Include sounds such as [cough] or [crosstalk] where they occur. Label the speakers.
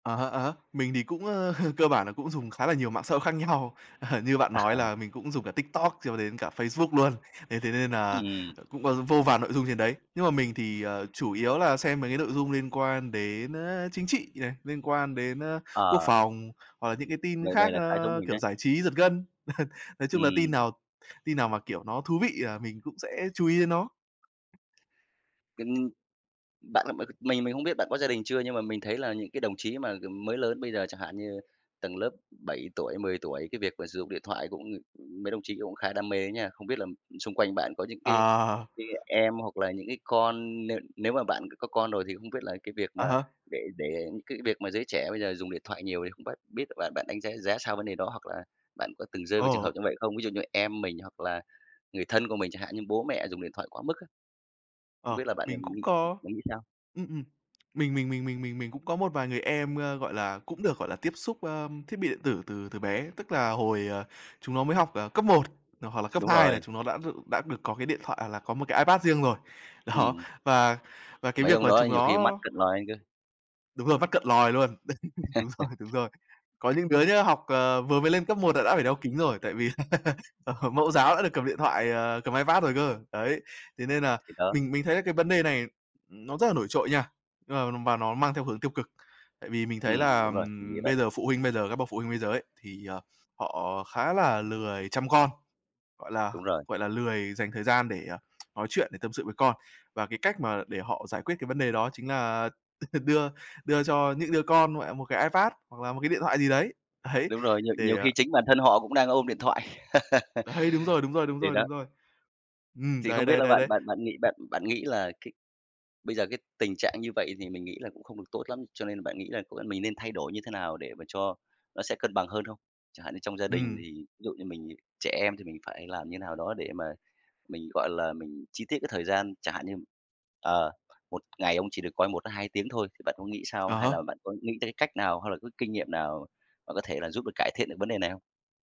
Speaker 1: À há, à há. Mình thì cũng, ơ, [chuckles] cơ bản là cũng dùng khá là nhiều mạng xã hội khác nhau, [laughs] như bạn nói
Speaker 2: À.
Speaker 1: là mình cũng dùng cả TikTok cho đến cả Facebook luôn, thế thế nên là,
Speaker 2: Ừm.
Speaker 1: ờ, cũng có vô vàn nội dung trên đấy. Nhưng mà mình thì, ờ, chủ yếu là xem mấy cái nội dung liên quan đến, a, chính trị này, liên quan đến, a, quốc
Speaker 2: Ờ.
Speaker 1: phòng, hoặc là những cái tin
Speaker 2: Vậy vậy
Speaker 1: khác,
Speaker 2: là khá giống
Speaker 1: a,
Speaker 2: mình
Speaker 1: kiểu,
Speaker 2: đấy.
Speaker 1: giải trí giật gân. [chuckles] Nói chung là tin
Speaker 2: Ừm.
Speaker 1: nào tin nào mà, kiểu, nó thú vị à mình cũng sẽ chú ý đến nó.
Speaker 2: Kinh bạn là m mình mình không biết bạn có gia đình chưa nhưng mà mình thấy là những cái đồng chí mà, kiểu, mới lớn bây giờ chẳng hạn như tầng lớp 7 tuổi, 10 tuổi, cái việc mà sử dụng điện thoại cũng, ơ, mấy đồng chí cũng khá đam mê á nha, không biết là xung quanh bạn có những cái
Speaker 1: Ờ.
Speaker 2: cái em, hoặc là những cái con nếu nếu mà bạn c có con rồi thì không biết là cái việc
Speaker 1: À
Speaker 2: mà
Speaker 1: há.
Speaker 2: để để cái việc mà giới trẻ bây giờ dùng điện thoại nhiều thì không bát biết được bạn bạn đánh giá giá sao vấn đề đó, hoặc là bạn có từng rơi vào trường hợp
Speaker 1: Ồ.
Speaker 2: như vậy không? Ví dụ như em mình hoặc là người thân của mình, chẳng hạn như bố mẹ dùng điện thoại quá mức á? Không
Speaker 1: Ờ,
Speaker 2: biết là bạn
Speaker 1: mình
Speaker 2: ng
Speaker 1: cũng
Speaker 2: nghĩ
Speaker 1: có,
Speaker 2: bạn nghĩ sao?
Speaker 1: ừm, ừm, mình mình mình mình mình cũng có một vài người em, ơ, gọi là, cũng được, gọi là, tiếp xúc, ơ, thiết bị điện tử từ từ bé, tức là hồi, ờ, chúng nó mới học, ờ, cấp 1, ờ, hoặc là cấp
Speaker 2: Đúng
Speaker 1: 2 là
Speaker 2: rồi.
Speaker 1: chúng nó đã đ đã được có cái điện thoại hoặc là có một cái iPad riêng rồi. Đó,
Speaker 2: Ừm.
Speaker 1: và và cái
Speaker 2: Mấy
Speaker 1: việc
Speaker 2: ông
Speaker 1: mà
Speaker 2: đó
Speaker 1: chúng
Speaker 2: nhiều khi mắt
Speaker 1: nó
Speaker 2: cận lòi ra cơ.
Speaker 1: Đúng rồi, mắt cận lòi luôn, đấy đúng rồi, đúng
Speaker 2: [chuckles]
Speaker 1: rồi. Có những đứa nhá, học, ờ, vừa mới lên cấp 1 là đã phải đeo kính rồi, tại vì [laughs] ờ, mẫu giáo đã được cầm điện thoại, ờ, cầm iPad rồi cơ, đấy. Thế nên là
Speaker 2: Thì đó.
Speaker 1: mình mình thấy là cái vấn đề này nó rất là nổi trội nha, nhưng mà và nó mang theo hướng tiêu cực, tại vì mình thấy
Speaker 2: Ừm,
Speaker 1: là
Speaker 2: đúng rồi, mình nghĩ vậy.
Speaker 1: bây giờ phụ huynh bây giờ các bậc phụ huynh bây giờ ấy, thì, ờ, họ khá là lười chăm con, gọi là
Speaker 2: Đúng rồi.
Speaker 1: gọi là, lười dành thời gian để, à, nói chuyện, để tâm sự với con. Và cái cách mà để họ giải quyết cái vấn đề đó chính là đưa đưa cho những đứa con, mẹ, một cái Ipad hoặc là một cái điện thoại gì đấy, đấy,
Speaker 2: Đúng rồi, nhiều nhiều
Speaker 1: để
Speaker 2: khi chính bản thân họ cũng đang ôm điện thoại.
Speaker 1: Đấy, đúng rồi, đúng rồi, đúng
Speaker 2: [laughs] Thì
Speaker 1: rồi,
Speaker 2: đó
Speaker 1: đúng rồi. Ừm,
Speaker 2: Thì không
Speaker 1: đấy,
Speaker 2: biết
Speaker 1: đấy,
Speaker 2: là
Speaker 1: đấy,
Speaker 2: bạn
Speaker 1: đấy.
Speaker 2: bạn bạn nghĩ bạn bạn nghĩ là cái bây giờ cái tình trạng như vậy thì mình nghĩ là cũng không được tốt lắm, cho nên là bạn nghĩ là, ơ, bọn mình nên thay đổi như thế nào để mà cho nó sẽ cân bằng hơn không? Chẳng hạn như trong gia đình
Speaker 1: Ừm.
Speaker 2: thì ví dụ như mình trẻ em thì mình phải làm như nào đó để mà mình, gọi là, mình chi tiết cái thời gian chẳng hạn như, ờ, 1 ngày ông chỉ được coi 1-2 tiếng thôi, thì bạn có nghĩ sao,
Speaker 1: Ờ
Speaker 2: hay
Speaker 1: há.
Speaker 2: là bạn có nghĩ tới cách nào hay là có kinh nghiệm nào mà có thể là giúp được cải thiện được vấn đề này không?